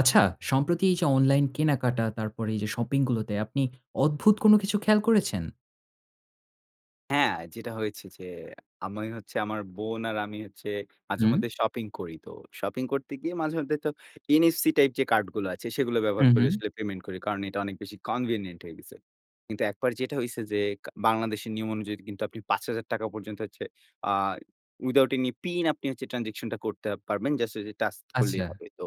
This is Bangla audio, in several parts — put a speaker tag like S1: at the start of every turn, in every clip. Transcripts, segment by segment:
S1: আচ্ছা, সম্প্রতি এই যে অনলাইন কেনাকাটা, তারপর এই যে শপিং গুলোতে আপনি অদ্ভুত কোনো কিছু খেয়াল করেছেন?
S2: হ্যাঁ, যেটা হয়েছে যে আমি হচ্ছে, আমার বোন আর আমি হচ্ছে
S1: হুম।
S2: মাঝেমধ্যে শপিং করি। তো শপিং করতে গিয়ে মাঝেমধ্যে তো NFC টাইপ যে কার্ড গুলো আছে সেগুলো ব্যবহার
S1: হুম,
S2: করে
S1: হুম।
S2: আসলে পেমেন্ট করি। কারণ এটা অনেক বেশি কনভিনিয়েন্ট হয়ে গেছে। কিন্তু ১ বার যেটা হইছে যে বাংলাদেশের নিয়ম অনুযায়ী কিন্তু আপনি ৳৫,০০০ পর্যন্ত হচ্ছে আ উইথআউট অ্যানি পিন আপনি হচ্ছে ট্রান্সেকশনটা করতে পারবেন, জাস্ট ঐযে টাচ করলেই
S1: আচ্ছা।
S2: হবে। তো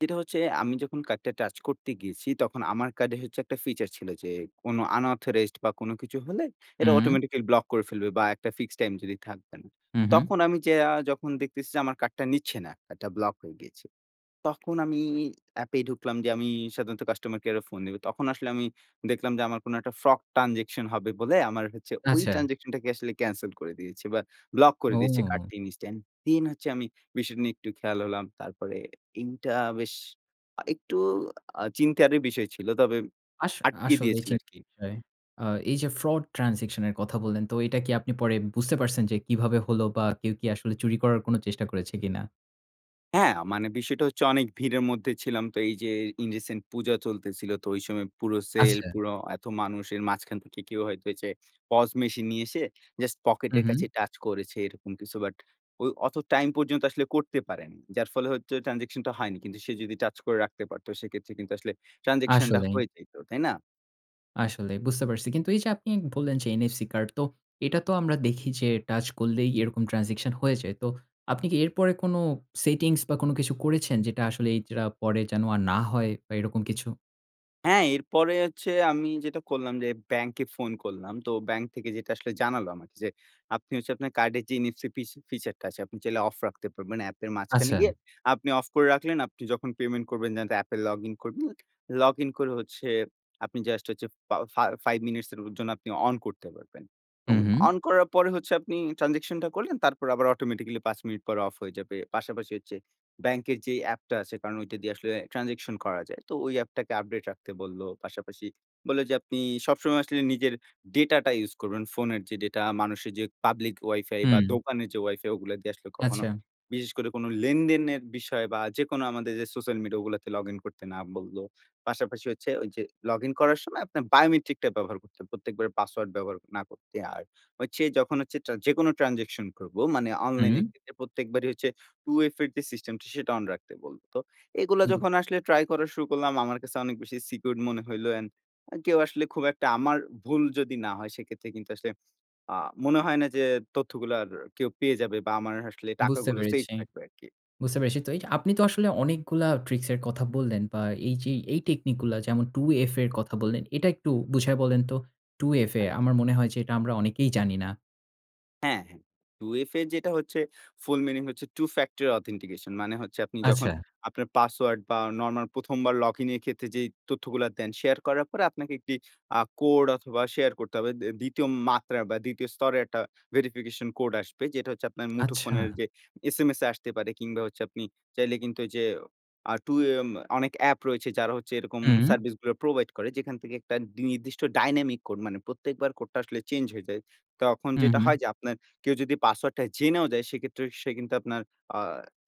S2: যেটা হচ্ছে আমি যখন কার্ডটা টাচ করতে গিয়েছি তখন আমার কার্ডে হচ্ছে একটা ফিচার ছিল, যে কোন আনঅথরাইজড বা কোন কিছু হলে এটা
S1: হুম।
S2: অটোমেটিক্যালি ব্লক করে ফেলবে, বা একটা ফিক্সড টাইম যদি থাকবে না।
S1: হু, হুম।
S2: তখন আমি যাইয়া যখন দেখতেছি, যে আমার কার্ডটা নিচ্ছে না, কার্ডটা ব্লক হয়ে গিয়েছে। তখন আমি এ্যাপে ঢুকলাম যে আমি সাধারণত কাস্টমার কেয়ারে ফোন দিবো। তখন আসলে আমি দেখলাম যে আমার কোন একটা ফ্রড ট্রান্সেকশন হবে বলে আমার হচ্ছে ওই
S1: আচ্ছা।
S2: ট্রান্সেকশনটাকে আসলে ক্যানসেল করে দিয়েছে, বা ব্লক করে দিয়েছে
S1: ও!
S2: কার্ডটি ইন্স্ট্যান্ট। দেন হচ্ছে আমি বিষয়টা নিয়ে একটু খেয়াল হলাম। তারপরে এইটা বেশ আ একটু আ চিন্তারই বিষয় ছিল। তবে
S1: আস
S2: আটকিয়ে
S1: আসলে
S2: দিয়েছিল
S1: চিন
S2: আরকি।
S1: বিষয় আ এই যে ফ্রড ট্রান্সেকশন এর কথা বললেন, তো এটা কি আপনি পরে বুঝতে পারছেন যে কিভাবে হলো? বা কেউ কি আসলে চুরি করার কোনো চেষ্টা করেছে কিনা?
S2: হ্যাঁ, মানে বিষয়টা হচ্ছে অনেক ভিড়ের মধ্যে ছিলাম। তো এই যে ইন রিসেন্ট পূজা চলতেছিল তো ঐ সময় পুরো সেল,
S1: আচ্ছা।
S2: পুরো এত মানুষের মাঝখান থেকে কেউ হয়তো এই যে পস মেশিন নিয়ে এসে জাস্ট
S1: হু,
S2: পকেটের কাছে
S1: হু।
S2: টাচ করেছে, এরকম কিছু, বাট ওই অত টাইম পর্যন্ত আসলে করতে পারেনি। যার ফলে হচ্ছে ট্রান্সেকশন টা হয়নি। কিন্তু সে যদি টাচ করে রাখতে পারতো, সেক্ষেত্রে কিন্তু আসলে ট্রান্সেকশন টা
S1: আসলেই।
S2: হয়ে যাইত, তাই না?
S1: আসলেই, বুঝতে পারছি। কিন্তু এই যে আপনি বললেন, যে NFC কার্ড তো এটা তো আমরা দেখি যে টাচ করলেই এরকম ট্রান্সেকশন হয়ে যায়। তো আপনি কি এরপরে কোন সেটিংস, বা কোন কিছু করেছেন? যেটা আসলে এই যা পরে যেন আর না হয়, বা এরকম কিছু?
S2: হ্যাঁ, এরপরে হচ্ছে আমি যেটা করলাম, যে ব্যাংকে ফোন করলাম, তো ব্যাংক থেকে যেটা আসলে জানালো আমাকে যে আপনি হচ্ছে আপনার কার্ডের যে NFC ফিস ফিচার টা আছে আপনি চাইলে অফ রাখতে পারবেন, অ্যাপের মাঝখানে
S1: আচ্ছা।
S2: গিয়ে আপনি অফ করে রাখলেন, আপনি যখন পেমেন্ট করবেন, যে অ্যাপে লগ ইন করবেন। লগইন করে হচ্ছে আপনি জাস্ট হচ্ছে ফা ফা 5 মিনিটস এর জন্য আপনি অন করতে পারবেন। এবং
S1: হুম, হুম।
S2: অন করার পরে হচ্ছে আপনি ট্রান্সেকশন টা করলেন তারপর আবার অটোমেটিক্যালি ৫ মিনিট পর অফ হয়ে যাবে। পাশাপাশি হচ্ছে ব্যাংকের যেই অ্যাপ টা আছে কারণ ওইটা দিয়ে আসলে ট্রান্সেকশন করা যায়। তো ওই অ্যাপটাকে আপডেট রাখতে বললো। পাশাপাশি বললো, যে আপনি সবসময় আসলে নিজের ডেটা টা ইউস করবেন, ফোনের যে ডেটা মানুষের যে পাবলিক Wi-Fi বা
S1: হুম।
S2: দোকানের যে Wi-Fi ওগুলা দিয়ে আসলে কখনো
S1: আচ্ছা।
S2: বিশেষ করে কোনো লেনদেনের বিষয়, বা যেকোনো আমাদের যে সোশ্যাল মিডিয়া ওগুলাতে লগইন করতে না বলল। পাশাপাশি হচ্ছে ওই যে লগইন করার সময় আপনার বায়োমেট্রিক টা ব্যবহার করতে হবে। প্রত্যেকবার পাসওয়ার্ড ব্যবহার না করতে। আর হচ্ছে যখন হচ্ছে টা যেকোনো ট্রান্সেকশন করবো মানে অনলাইন এর
S1: হু।
S2: ক্ষেত্রে প্রত্যেকবারই হচ্ছে 2FA এর যে সিস্টেম টা সেটা অন রাখতে বললো। তো এগুলা
S1: বু
S2: যখন আসলে ট্রাই করা শুরু করলাম, আমার কাছে অনেক বেশি সিকিউরড মনে হইলো অ্যান্ড কেউ আসলে খুব একটা আমার ভুল যদি না হয়, সেক্ষেত্রে কিন্তু আসলে আ মনে হয় না যে তথ্যগুলা আর কেউ পেয়ে যাবে, বা আমার আসলে
S1: বুঝতে
S2: টাকাগুলো সেফ
S1: পেরেছি।
S2: থাকবে আরকি।
S1: বুঝতে পেরেছি, তো এই যে আপনি তো আসলে অনেকগুলা ট্রিক্সের কথা বললেন, বা এই যে এই টেকনিক গুলা যেমন 2FA এর কথা বললেন, এটা একটু বুঝায় বলেন তো? 2FA
S2: আচ্ছা।
S1: আমার মনে হয় যে এটা আমরা অনেকেই জানি না।
S2: হ্যাঁ, 2FA যেটা হচ্ছে ফুল মিনিং হচ্ছে Two-factor authentication মানে হচ্ছে আপনি যখন
S1: আচ্ছা।
S2: আপনার পাসওয়ার্ড, বা নরমাল ১ম বার লগইন এর ক্ষেত্রে, যেই তথ্যগুলা দেন শেয়ার করার পরে আপনাকে একটি আ কোড অথবা শেয়ার করতে হবে। দি ২য় মাত্রার বা ২য় স্তরের একটা ভেরিফিকেশন কোড আসবে, যেটা হচ্ছে আপনার মুঠোফোনের
S1: আচ্ছা।
S2: যে SMS এ আসতে পারে কিংবা হচ্ছে আপনি চাইলে কিন্তু এইযে আ টু এ এম অনেক অ্যাপ রয়েছে যারা হচ্ছে এরকম
S1: হুম।
S2: সার্ভিস গুলা প্রোভাইড করে যেখান থেকে একটা নির্দিষ্ট ডাইনামিক কোড মানে প্রত্যেকবার কোডটা আসলে চেঞ্জ হয়ে যায়। তখন
S1: হু,
S2: যেটা
S1: হুম।
S2: হয় যে আপনার কেউ যদি পাসওয়ার্ডটা জেনেও যায় সেক্ষেত্রে সে কিন্তু আপনার আ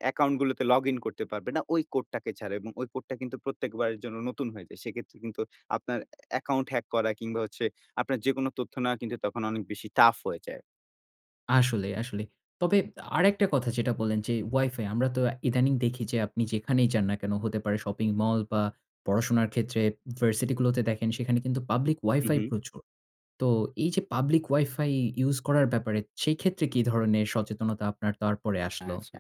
S2: অ্যাকাউন্ট গুলোতে লগ ইন করতে পারবে না, ওই কোড টাকে ছাড়া এবং কোডটা কিন্তু প্রত্যেকবারের জন্য নতুন হয়ে যায়। সেক্ষেত্রে কিন্তু আপনার অ্যাকাউন্ট হ্যাক করা, কিংবা হচ্ছে আপনার যেকোনো তথ্য নেওয়া কিন্তু তখন অনেক বেশি টাফ হয়ে যায়।
S1: আসলে, আসলেই। তবে আরেকটা কথা যেটা বললেন, যে Wi-Fi আমরা তো ইদানিং দেখি যে আপনি যেখানেই যান না কেনো হতে পারে, শপিং মল, বা পড়াশোনার ক্ষেত্রে ভার্সিটি গুলোতে দেখেন সেখানে কিন্তু পাবলিক
S2: হু,
S1: Wi-Fi
S2: হু।
S1: প্রচুর। তো এই যে পাবলিক Wi-Fi ইউস করার ব্যাপারে সেক্ষেত্রে কি ধরনের সচেতনতা আপনার তারপরে আসলো?
S2: আচ্ছা।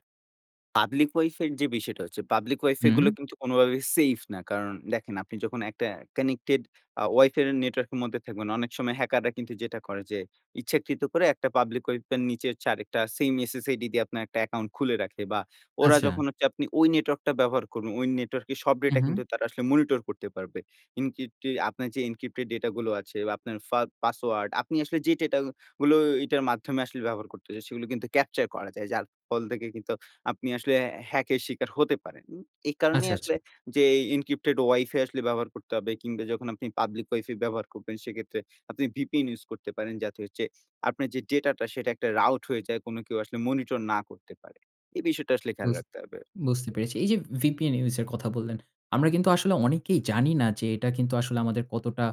S2: পাবলিক Wi-Fi এর যে বিষয়টা হচ্ছে পাবলিক Wi-Fi গুলো
S1: হুম।
S2: কিন্তু কোনোভাবেই সেইফ না। কারণ দেখেন আপনি যখন একটা কানেক্টেড আ Wi-Fi এর নেটওয়ার্ক এর মধ্যে থাকবেন অনেক সময় হ্যাকাররা কিন্তু যেটা করে যে ইচ্ছাকৃত করে একটা পাবলিক Wi-Fi এর নিচে হচ্ছে আরেকটা সেইম SSID দিয়ে আপনার একটা অ্যাকাউন্ট খুলে রাখে, বা ওরা
S1: আচ্ছা।
S2: যখন হচ্ছে আপনি নেটওয়ার্কটা ব্যবহার করবেন, ওই নেটওয়ার্কে সব
S1: উ
S2: ডেটা কিন্তু
S1: হুম।
S2: তারা আসলে মনিটর করতে পারবে। এনকিটি আপনার যে এনক্রিপ্টেড ডেটা গুলো আছে, আপনার ফা পাসওয়ার্ড আপনি আসলে যে ডেটা গুলো এইটার মাধ্যমে আসলে ব্যবহার করতে চাই সেগুলো কিন্তু ক্যাপচার করা যায়। যার ফল থেকে কিন্তু আপনি আসলে হ্যাকের শিকার হতে পারেন। উ এই কারণেই
S1: আচ্ছা, আচ্ছা।
S2: আসলে যে এনক্রিপ্টেড Wi-Fi আসলে ব্যবহার করতে হবে কিংবা যখন আপনি পাবলিক Wi-Fi ব্যবহার করবেন সেক্ষেত্রে আপনি VPN ইউস করতে পারেন যাতে হচ্ছে আপনার যে ডেটাটা সেটা একটা রাউট হয়ে যায়, কোনো কেউ আসলে মনিটর না করতে পারে। এই বিষয়টা আসলে খেয়াল
S1: বুঝত
S2: রাখতে হবে।
S1: বুঝতে পেরেছি। এই যে VPN ইউজ এর কথা বললেন, আমরা কিন্তু আসলে অনেকেই জানি না, যে এটা কিন্তু আসলে আমাদের কতটা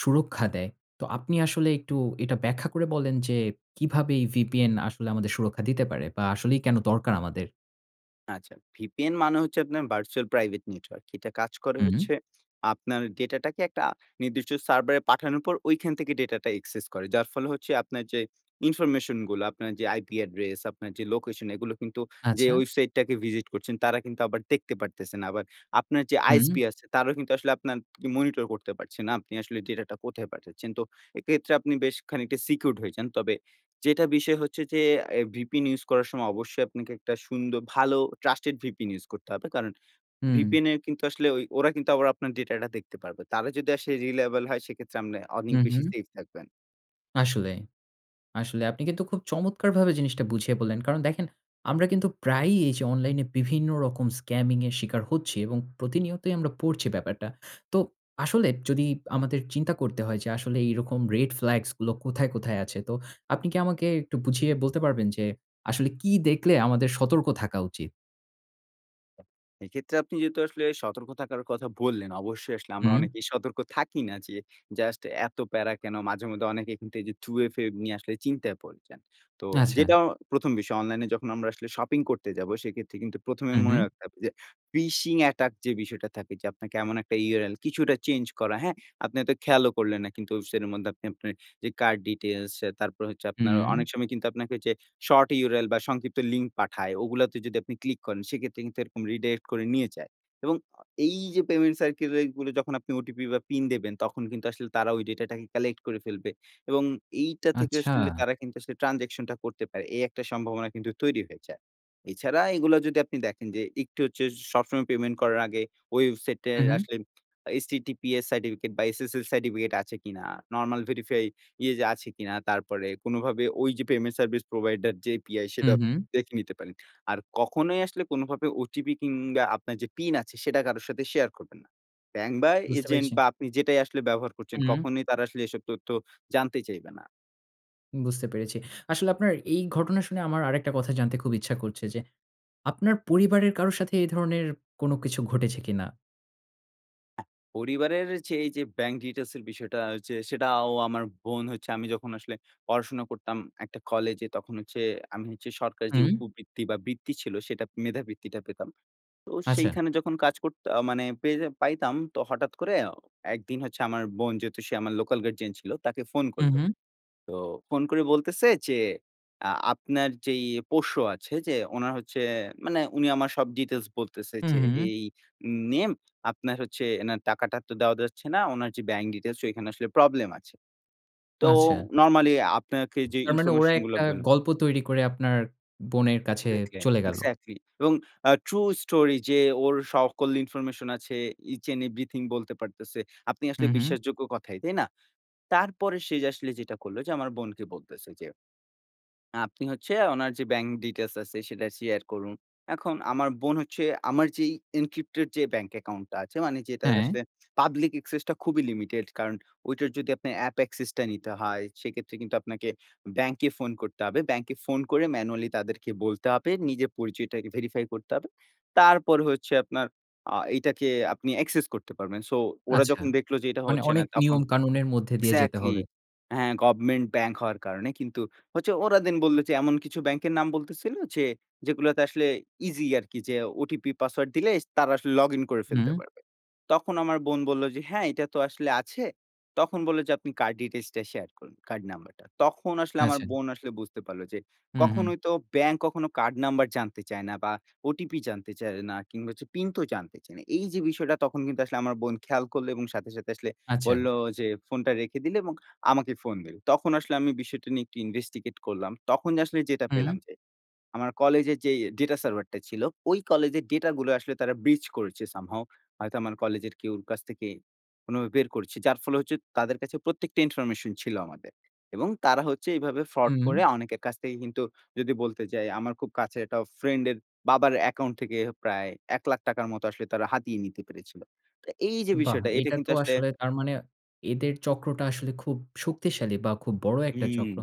S1: সুরক্ষা দেয়। তো আপনি আসলে একটু এটা ব্যাখ্যা করে বলেন যে কিভাবে এ VPN আসলে আমাদের সুরক্ষা দিতে পারে? বা আসলেই কেনো দরকার আমাদের?
S2: আচ্ছা, VPN মানে হচ্ছে আপনার Virtual Private Network। এটা কাজ করে
S1: হু, হুম।
S2: হচ্ছে আপনার ডেটাটাকে একটা নির্দিষ্ট server এ পাঠানোর পর ঐখান থেকে ডেটাটা access করে। যার ফলে হচ্ছে আপনার যে ইনফরমেশনগুলো, আপনার যে IP অ্যাড্রেস, আপনার যে লোকেশন, এগুলো কিন্তু যে
S1: আচ্ছা।
S2: website টাকে visit করছেন, তারা কিন্তু আবার দেখতে পারতেছে না। আবার আপনার যে
S1: হুম।
S2: ISP আছে, তারাও কিন্তু আসলে আপনার monitor করতে পারছে না আপনি আসলে ডেটাটা কোথায় পাঠাচ্ছেন। তো এক্ষেত্রে আপনি বেশ খানিকটা secured হয়ে যান। তবে যেটা বিষয় হচ্ছে যে এ VPN ইউজ করার সময় অবশ্যই আপনাকে একটা সুন্দর ভালো trusted VPN ইউজ করতে হবে। কারণ
S1: হুম।
S2: VPN এর কিন্তু আসলে ঐ ওরা কিন্তু আবার আপনার ডেটাটা দেখতে পারবে। তারা যদি আসে reliable হয়, সেক্ষেত্রে আপনে অনেক
S1: হুম,
S2: বেশি
S1: হুম।
S2: সেফ থাকবেন।
S1: আসলেই। আসলে আপনি কিন্তু খুব চমৎকারভাবে জিনিসটা বুঝিয়ে বললেন। কারণ দেখেন, আমরা কিন্তু প্রায়ই এইযে অনলাইনে বিভিন্ন রকম scamming এর শিকার হচ্ছি এবং প্রতিনিয়তই আমরা পড়ছি ব্যাপারটা। তো আসলে যদি আমাদের চিন্তা করতে হয় যে আসলে এইরকম red flags গুলো কোথায়, কোথায় আছে? তো আপনি কি আমাকে একটু বুঝিয়ে বলতে পারবেন যে আসলে কি দেখলে আমাদের সতর্ক থাকা উচিত?
S2: এক্ষেত্রে আপনি যেহেতু আসলে সতর্ক থাকার কথা বললেন, অবশ্যই আসলে আমরা
S1: হুম।
S2: অনেকেই সতর্ক থাকি না, যে জাস্ট এত প্যারা কেনো মাঝে মধ্যে অনেকে কিন্তু এইযে 2FA নিয়ে আসলে চিন্তায় পড়ে যান। তো
S1: আচ্ছা।
S2: যেটা ১ম বিষয় অনলাইনে যখন আমরা আসলে শপিং করতে যাবো, সেক্ষেত্রে কিন্তু ১ম এ
S1: হু,
S2: মনে
S1: হুম।
S2: রাখতে হবে যে ফিশিং অ্যাটাক যে বিষয়টা থাকে, যে আপনাকে এমন একটা URL কিছুটা চেঞ্জ করা হ্যাঁ? আপনি হয়তো খেয়ালও করলেন না কিন্তু সেটার মধ্যে আপনি আপনার যে কার্ড ডিটেইলস তারপর হচ্ছে, আপনার
S1: হুম।
S2: অনেক সময় কিন্তু আপনাকে ওইযে শর্ট URL বা সংক্ষিপ্ত লিঙ্ক পাঠায়, ওগুলাতে যদি আপনি ক্লিক করেন, সেক্ষেত্রে কিন্তু এরকম রিডাইরেক্ট করে নিয়ে যায়। এবং এইযে পেমেন্ট সার্কেলেরগুলো যখন আপনি OTP বা পিন দেবেন তখন কিন্তু আসলে তারা ওই ডেটাটাকে কালেক্ট করে ফেলবে। এবং এইটা থেকে আসলে
S1: আচ্ছা।
S2: তারা কিন্তু আসলে ট্রান্সেকশন টা করতে পারে। এই একটা সম্ভাবনা কিন্তু তৈরি হয়ে যায়। এছাড়া এগুলা যদি আপনি দেখেন যে একটু হচ্ছে সবসময় পেমেন্ট করার আগে
S1: হু,
S2: ওয়েবসাইটের
S1: হুম।
S2: আসলে HTTPS সার্টিফিকেট বা SSL সার্টিফিকেট আছে কিনা, নরমাল ভেরিফাই আছে কিনা, তারপরে কোনোভাবে ওই যে পেমেন্ট সার্ভিস প্রোভাইডার যে API
S1: হুম,
S2: সেটা
S1: হুম।
S2: দেখে নিতে পারেন। আর কখনোই আসলে কোনভাবে OTP কিংবা আপনার যে পিন আছে সেটা কারো সাথে শেয়ার করবেন না। ব্যাংক, বা
S1: বুঝতে
S2: এজেন্ট,
S1: পেরেছি।
S2: বা আপনি যেটাই আসলে ব্যবহার করছেন,
S1: হুম।
S2: কখনোই তারা আসলে এসব তথ্য জানতে চাইবে না।
S1: বুঝতে পেরেছি। আসলে আপনার এই ঘটনা শুনে আমার আরেকটা কথা জানতে খুব ইচ্ছা করছে যে, আপনার পরিবারের কারোর সাথে এ ধরনের কোন কিছু ঘটেছে কিনা?
S2: অ্যা পরিবারের যে এইযে bank details এর বিষয়টা হচ্ছে, সেটা আও আমার বোন হচ্ছে আমি যখন আসলে পড়াশোনা করতাম একটা কলেজে। তখন হচ্ছে আমি হচ্ছে সরকারের যে
S1: হুম।
S2: উপবৃত্তি বা, বৃত্তি ছিল, সেটা মেধাবৃত্তিটা পেতাম। তো
S1: আচ্ছা।
S2: সেখানে যখন কাজ করত আ মানে পেয়ে পাইতাম। তো হঠাৎ করে একদিন হচ্ছে আমার বোন যেহেতু সে আমার লোকাল গার্জিয়ান ছিল, তাকে ফোন
S1: হু,
S2: করলো।
S1: হুম।
S2: তো ফোন করে বলতেছে যে, "আ আপনার যেই পোশ্য আছে যে উনার হচ্ছে" মানে উনি আমার সব details বলতেছে
S1: হু,
S2: যে,
S1: হুম।
S2: "এই নেম। আপনার হচ্ছে এনার টাকাটা তো দেওয়া যাচ্ছে না। উনার যে bank details সেখানে আসলে প্রবলেম আছে।" তো
S1: আচ্ছা।
S2: নরমালি আপনাকে যে
S1: তার মানে ওরা
S2: ইনফরমেশনগুলো
S1: একটা
S2: বললাম
S1: গল্প তৈরি করে আপনার বোনের কাছে
S2: এক্সাক্টলি,
S1: চলে গেল।
S2: এক্সাক্টলি। এবং আ true story যে ওর সকল ইনফরমেশন আছে, each and everything বলতে পারতেছে। আপনি আসলে
S1: হুম, হুম।
S2: বিশ্বাসযোগ্য কথাই, তাই না? তারপরে সে যে আসলে যেটা করলো যে আমার বোনকে বলতেছে যে "আপনি হচ্ছে ওনার যে bank details আছে সেটা শেয়ার করুন।" এখন আমার বোন হচ্ছে আমার যে encrypted যে ব্যাংক অ্যাকাউন্টটা আছে, মানে যেটার
S1: হ্যাঁ।
S2: আসলে public access টা খুবই লিমিটেড। কারণ ওইটার যদি আপনার app access টা নিতে হয়, সেক্ষেত্রে কিন্তু আপনাকে ব্যাংকে ফোন করতে হবে। ব্যাংকে ফোন করে manually তাদেরকে বলতে হবে। নিজের পরিচয়টাকে আগে verify করতে হবে। তারপর হচ্ছে আপনার আ এটাকে আপনি accesss করতে পারবেন। সো ওরা
S1: আচ্ছা।
S2: যখন দেখলো যে এটা
S1: মানে
S2: হচ্ছে না,
S1: অনেক
S2: তখন
S1: নিয়ম কানুনের মধ্যে দিয়ে যেতে
S2: এক্সাক্টলি,
S1: হবে।
S2: হ্যাঁ। গভমেন্ট ব্যাংক হওয়ার কারণে কিন্তু হচ্ছে ওরা দেন বললো যে, এমন কিছু ব্যাংকের নাম বলতেছিল যে, যেগুলোতে আসলে ইজি আরকি যে ওটিপি, পাসওয়ার্ড দিলে তারা আসলে লগ ইন করে ফেলতে
S1: হুম।
S2: পারবে। তখন আমার বোন বললো যে, "হ্যাঁ, এটা তো আসলে আছে।" তখন বললো যে, "আপনি card details টা শেয়ার করুন, কার্ড নাম্বারটা।" তখন আসলে আমার
S1: আছেন।
S2: বোন আসলে বুঝতে পারলো যে
S1: হুম, হুম।
S2: কখনোই তো ব্যাংক কখনো কার্ড নাম্বার জানতে চায় না, বা ওটিপি জানতে চায় না, কিংবা পিন তো জানতে চায় না। এইযে বিষয়টা তখন কিন্তু আসলে আমার বোন খেয়াল করলো এবং সাথে, সাথে আসলে
S1: আচ্ছা।
S2: বললো যে ফোনটা রেখে দিলে এবং আমাকে ফোন দিল। তখন আসলে আমি বিষয়টা নিয়ে একটু investigate করলাম। তখন আসলে যেটা
S1: হুম।
S2: পেলাম যে, আমার কলেজের যে data server টা ছিল, ওই কলেজের ডেটা গুলো আসলে তারা breach করেছে somehow। হয়তো আমার কলেজের কেউর কাছ থেকে কোনোভাবে বের করেছে। যার ফলে হচ্ছে তাদের কাছে প্রত্যেকটা ইনফরমেশন ছিল আমাদের। এবং তারা হচ্ছে এভাবে fraud
S1: হুম।
S2: করে অনেকের কাছ থেকে কিন্তু যদি বলতে চাই আমার খুব কাছের একটা ফ্রেন্ডের বাবার অ্যাকাউন্ট থেকে প্রায় ১ লাখ টাকার মতো আসলে তারা হাতিয়ে নিতে পেরেছিল। তো এইযে
S1: বাহ!
S2: বিষয়টা, এটা
S1: এটা
S2: কিন্তু
S1: তো
S2: আসলে
S1: আসলে তার মানে এদের চক্রটা আসলে খুব শক্তিশালী বা, খুব বড় একটা
S2: হুম,
S1: চক্র।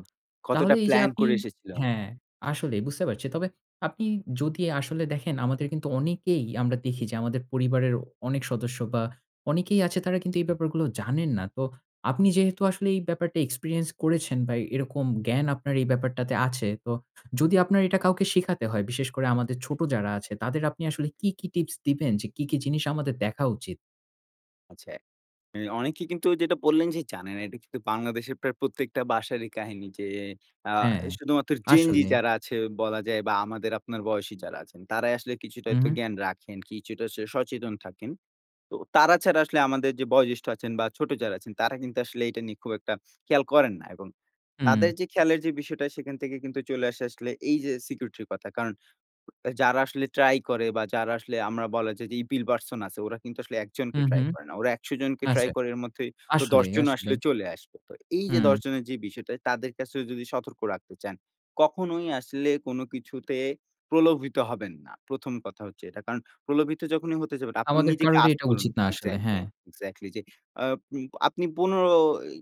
S1: তাহলে
S2: কতটা
S1: এইযে
S2: প্ল্যান
S1: আপনি
S2: করে এসেছিলো।
S1: হ্যাঁ, আসলে বুঝতে পারছি। তবে আপনি যদি আসলে দেখেন আমাদের কিন্তু অনেকেই আমরা দেখি যে, আমাদের পরিবারের অ অনেক সদস্য বা, অনেকেই আছে তারা কিন্তু এই ব্যাপারগুলো জানেন না। তো আপনি যেহেতু আসলে এই ব্যাপারটা experience করেছেন বা, এরকম জ্ঞান আপনার এই ব্যাপারটাতে আছে। তো যদি আপনার এটা কাউকে শেখাতে হয়, বিশেষ করে আমাদের ছোট যারা আছে, তাদের আপনি আসলে কী, কী টিপস দিবেন? যে কী, কী জিনিস আমাদের দেখা উচিত?
S2: আচ্ছা, এ অনেকে কিন্তু যেটা বললেন যে, "জানে না।" এটা কিন্তু বাংলাদেশের প্রায় প্রত্যেকটা বাসারই কাহিনী যে আ
S1: হ্যাঁ।
S2: শুধুমাত্র Gen Z
S1: আসলেই।
S2: যারা আছে বলা যায় বা আমাদের আপনার বয়সী যারা আছেন, তারাই আসলে কিছুটা
S1: হুম,
S2: একটা
S1: হুম।
S2: জ্ঞান রাখেন, কিছুটা স সচেতন থাকেন। তো তারা ছাড়া আসলে আমাদের যে বয়োজ্যেষ্ঠ আছেন বা ছোট যারা আছেন, তারা কিন্তু আসলে এটা নিয়ে খুব একটা খেয়াল করেন না এবং
S1: হুম।
S2: তাদের যে খেয়ালের যে বিষয়টা, সেখান থেকে কিন্তু চলে আসে আসলে এইযে security র কথা। কারণ যারা আসলে ট্রাই করে বা যারা আসলে আমরা বলা যায় যে evil person আছে, ওরা কিন্তু আসলে ১ জনকে
S1: হুম,
S2: ট্রাই
S1: হুম।
S2: করে না। ওরা ১০০ জনকে ট্রাই
S1: আচ্ছা।
S2: করে। এর মধ্যে তো ১০
S1: আসলেই,
S2: জনও আসলে
S1: আসলেই।
S2: চলে আসবে। তো এইযে ১০
S1: হুম।
S2: জনের যে বিষয়টা, তাদের কাছেও যদি সতর্ক রাখতে চান, কখনোই আসলে কোন কিছুতে প্রলোভিত হবেন না। ১ম কথা হচ্ছে এটা। কারণ প্রলোভিত যখনই হতে যাবেন, আপনি
S1: আমাদের
S2: নিজেকে
S1: কারোরই
S2: ask
S1: এটা
S2: করুন
S1: উচিত না আসলে,
S2: এক্সাক্টলি,
S1: হ্যাঁ।
S2: এক্সাক্টলি, যে আব আ আপনি পনের ই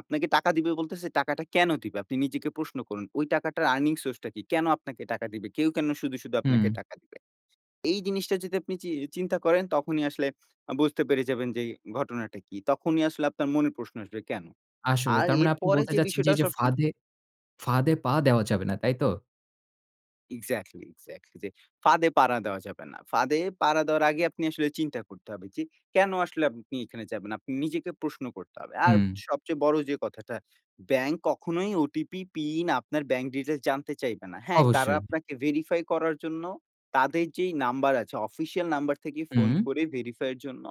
S2: আপনাকে টাকা দিবে বলতেছে, টাকাটা কেন দিবে? আপনি নিজেকে প্রশ্ন করুন, "ওই টাকাটার earning source টা কি? কেন আপনাকে টাকা দিবে? কেউ কেন শুধু, শুধু
S1: হুম।
S2: আপনাকে টাকা দিবে?" এই জিনিসটা যদি আপনি চি চিন্তা করেন, তখনই আসলে আ বুঝতে পেরে যাবেন যে ঘটনাটা কি? তখনই আসলে আপনার মনে প্রশ্ন আসবে, কেন?
S1: আসলেই।
S2: আর
S1: তার মানে আপনি
S2: এরপরে
S1: বলতে
S2: যে
S1: চাচ্ছেন যে,
S2: বিষয়টা
S1: "এইযে
S2: সব সময় উম
S1: ফাঁদে ফাঁদে পা দেওয়া যাবে না।" তাই তো?
S2: এক্স্যাক্টলি, এক্স্যাক্টলি যে ফাঁদে পাড়া দেওয়া যাবে না। ফাঁদে পাড়া দেওয়ার আগে আপনি আসলে চিন্তা করতে হবে, যে কেনো আসলে আপনি এখানে যাবেন, আপনি নিজেকে প্রশ্ন করতে হবে। আর
S1: হুম।
S2: সবচেয়ে বড় যে কথাটা ব্যাংক কখনোই ওটিপি, পিন, আপনার ব্যাংক ডিটেইলস জানতে চাইবে না। হ্যাঁ, তারা
S1: অবশ্যই।
S2: আপনাকে ভেরিফাই করার জন্য তাদের যেই নাম্বার আছে অফিসিয়াল নাম্বার থেকে ফোন
S1: হুম।
S2: করে ভেরিফাই এর জন্য।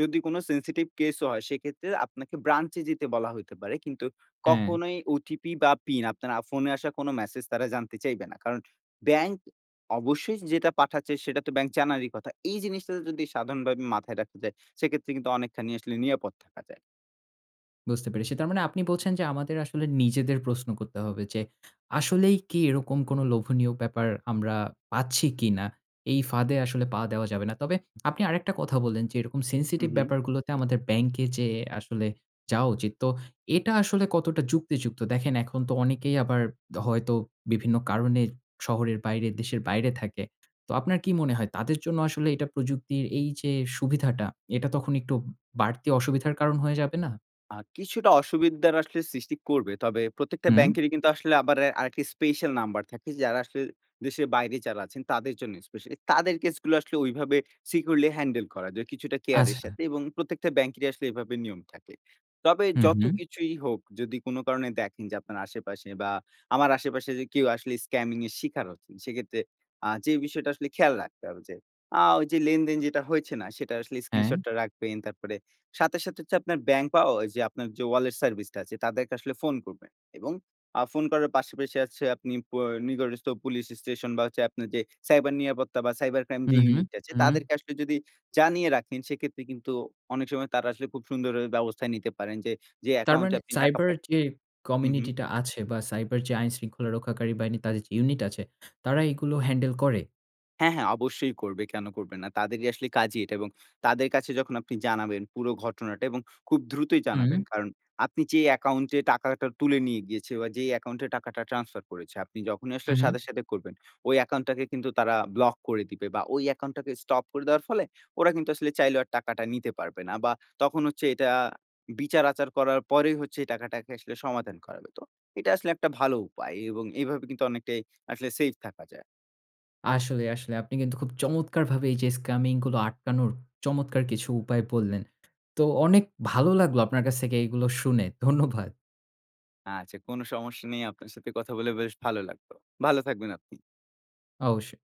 S2: যদি কোন সেনসিটিভ কেস ও হয় সেক্ষেত্রে আপনাকে ব্রাঞ্চে যেতে বলা হইতে পারে। কিন্তু
S1: হ্যাঁ।
S2: কখনোই ওটিপি বা পিন আপনার আ ফোনে আসা কোন মেসেজ তারা জানতে চাইবে না। কারণ ব্যাংক অবশ্যই যেটা পাঠাচ্ছে, সেটা তো ব্যাংক জানারই কথা। এই জিনিসটা যদি সাধারণভাবে মাথায় রাখা যায় সেক্ষেত্রে কিন্তু অনেকখানি আসলে নিরাপদ থাকা যায়।
S1: বুঝতে পেরেছি। তার মানে আপনি বলছেন, যে আমাদের আসলে নিজেদের প্রশ্ন করতে হবে যে, "আসলেই কি এরকম কোনো লোভনীয় ব্যাপার আমরা পাচ্ছি কিনা? এই ফাঁদে আসলে পা দেওয়া যাবে না।" তবে আপনি আরেকটা কথা বললেন, যে এরকম সেনসিটিভ
S2: হুম, হুম।
S1: ব্যাপারগুলোতে আমাদের ব্যাংকে যেয়ে আসলে যাওয়া উচিৎ। তো এটা আসলে কতটা যুক্তিযুক্ত? দেখেন এখন তো অনেকেই আবার হয়তো বিভিন্ন কারণে শহরের বাইরে, দেশের বাইরে থাকে। তো আপনার কি মনে হয় তাদের জন্য আসলে এইটা প্রযুক্তির এই যে সুবিধাটা, এটা তখন একটু বাড়তি অসুবিধার কারণ হয়ে যাবে না?
S2: আ কিছুটা অসুবিধার আসলে সৃষ্টি করবে, তবে প্রত্যেকটা
S1: হুম।
S2: ব্যাংকেরই কিন্তু আসলে আবার আরেকটি স্পেশাল নাম্বার থাকে, যারা আসলে দেশের বাইরে যারা আছেন, তাদের জন্য স্পেশালি তাদের কেসগুলা আসলে ঐভাবে সিকিউরলি হ্যান্ডেল করা যায়, কিছুটা কেয়ার এর
S1: আচ্ছা।
S2: সাথে, এবং প্রত্যেকটা ব্যাংকেরই আসলে এভাবে নিয়ম থাকে। তবে
S1: হুম, হুম।
S2: যতকিছুই হোক যদি কোনো কারণে দেখেন, যে আপনার আশেপাশে, বা আমার আশেপাশে কেউ আসলে স্কামিং এর শিকার হচ্ছেন, সেক্ষেত্রে আ যে বিষয়টা আসলে খেয়াল রাখতে হবে যে আ ঐ যে লেনদেন যেটা হয়েছে না? সেটার আসলে
S1: হ্যাঁ।
S2: স্ক্রিনশটটা রাখবেন, তারপরে সাথে, সাথে হচ্ছে আপনার ব্যাংক, বা অ ঐযে আপনার যে ওয়ালেট সার্ভিসটা আছে তাদেরকে আসলে ফোন করবেন, এবং আ ফোন করার পাশাপাশি হচ্ছে আপনি অ নিকটস্ত পুলিশ স্টেশন, বা যে আপনার যে সাইবার নিরাপত্তা, বা সাইবার ক্রাইম
S1: হুম,
S2: যে
S1: হুম,
S2: ইউনিট আছে,
S1: হুম।
S2: তাদেরকে আসলে যদি জানিয়ে রাখেন, সেক্ষেত্রে কিন্তু অনেক সময় তারা আসলে খুব সুন্দর অ ব্যবস্থা নিতে পারেন যে, যে
S1: তার
S2: অ্যাকাউন্ট এ
S1: মানে
S2: আপনি টাকা
S1: সাইবার
S2: পাঠ
S1: যে
S2: হুম হুম।
S1: কমিউনিটিটা আছে, বা সাইবার যে আইনশৃঙ্খলা রক্ষাকারী বাহিনী, তাদের যে ইউনিট আছে, তারা এগুলো হ্যান্ডেল করে?
S2: হ্যাঁ, হ্যাঁ অবশ্যই করবে, কেনো করবে না? তাদেরই আসলে কাজই এটা, এবং তাদের কাছে যখন আপনি জানাবেন পুরো ঘটনাটা, এবং খুব দ্রুতই জানাবেন
S1: হুম।
S2: কারণ, আপনি যে অ্যাকাউন্ট এ টাকাটা তুলে নিয়ে গিয়েছে, বা যে অ্যাকাউন্ট এ টাকাটা ট্রান্সফার করেছে, আপনি যখনই
S1: হু,
S2: আসলে
S1: হুম।
S2: সাথে, সাথে করবেন ওই অ্যাকাউন্ট টাকে কিন্তু তারা ব্লক করে দিবে, বা ওই অ্যাকাউন্ট টাকে স্টপ করে দেওয়ার ফলে ওরা কিন্তু আসলে চাইলেও আর টাকাটা নিতে পারবে না, বা তখন হচ্ছে এটা বিচার-আচার করার পরেই হচ্ছে টাকাটাকে আসলে সমাধান করাবে। তো এটা আসলে একটা ভালো উপায়, এবং এইভাবে কিন্তু অনেকটাই আসলে সেইফ থাকা যায়।
S1: আসলে, আসলে আপনি কিন্তু খুব চমৎকারভাবে এই যে স্কামিং গুলো আটকানোর চমৎকার কিছু উপায় বললেন। তো অনেক ভালো লাগলো আপনার কাছ থেকে এইগুলো শুনে। ধন্যবাদ।
S2: আচ্ছা, কোনো সমস্যা নেই, আপনার সাথে কথা বলে বেশ ভালো লাগলো। ভালো থাকবেন আপনি।
S1: অবশ্যই।